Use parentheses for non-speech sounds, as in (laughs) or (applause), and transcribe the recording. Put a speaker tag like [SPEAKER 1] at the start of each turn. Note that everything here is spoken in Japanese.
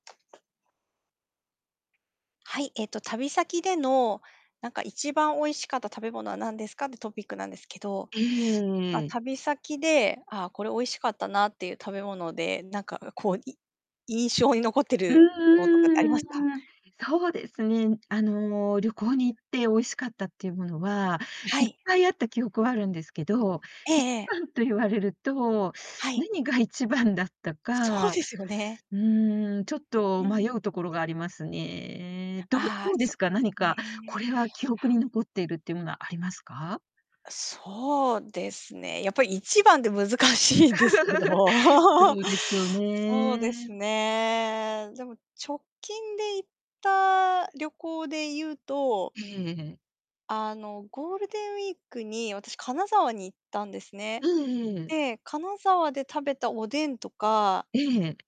[SPEAKER 1] はい、えっと、旅先での、なんか「一番美味しかった食べ物は何ですか」ってトピックなんですけど。あ、
[SPEAKER 2] ええ。
[SPEAKER 1] 旅先で「ああ、これ美味しかったな」っていう食べ物で、なんか、うこう、い印象に残って
[SPEAKER 2] うん
[SPEAKER 1] るものとかってありま
[SPEAKER 2] うんう
[SPEAKER 1] す
[SPEAKER 2] ん
[SPEAKER 1] か？
[SPEAKER 2] うんうん。そうですね。あの、旅行に行って美味しかったっていうものは、
[SPEAKER 1] は
[SPEAKER 2] いっ
[SPEAKER 1] い。
[SPEAKER 2] ぱいあった記憶はあるんですけど、
[SPEAKER 1] え
[SPEAKER 2] いち
[SPEAKER 1] えええ。
[SPEAKER 2] ばんと言われると、
[SPEAKER 1] はい。
[SPEAKER 2] 何が1番だった
[SPEAKER 1] そう
[SPEAKER 2] か、
[SPEAKER 1] ですよね。
[SPEAKER 2] うーん、ちょっ
[SPEAKER 1] う
[SPEAKER 2] と
[SPEAKER 1] ー
[SPEAKER 2] 迷うと
[SPEAKER 1] ん。
[SPEAKER 2] ころがありますね。どう
[SPEAKER 1] あ
[SPEAKER 2] ど
[SPEAKER 1] あ、
[SPEAKER 2] うで
[SPEAKER 1] そ
[SPEAKER 2] す
[SPEAKER 1] う
[SPEAKER 2] か、
[SPEAKER 1] そ
[SPEAKER 2] 何
[SPEAKER 1] う
[SPEAKER 2] か「こ
[SPEAKER 1] ね。
[SPEAKER 2] れは記憶に残っている」っていうものはありますか？
[SPEAKER 1] あ、そうですね、やっぱり、1番って難しいんですけど。
[SPEAKER 2] (laughs)
[SPEAKER 1] (laughs)
[SPEAKER 2] そうですよ
[SPEAKER 1] そうです
[SPEAKER 2] ね。
[SPEAKER 1] ね、でも、直近で行った旅行で言うと
[SPEAKER 2] ええええ。
[SPEAKER 1] あの、ゴールデンウィークに、私、金沢に行ったんですね。
[SPEAKER 2] うん、ええええ。
[SPEAKER 1] で、金沢で食べたおでんとか
[SPEAKER 2] ええ。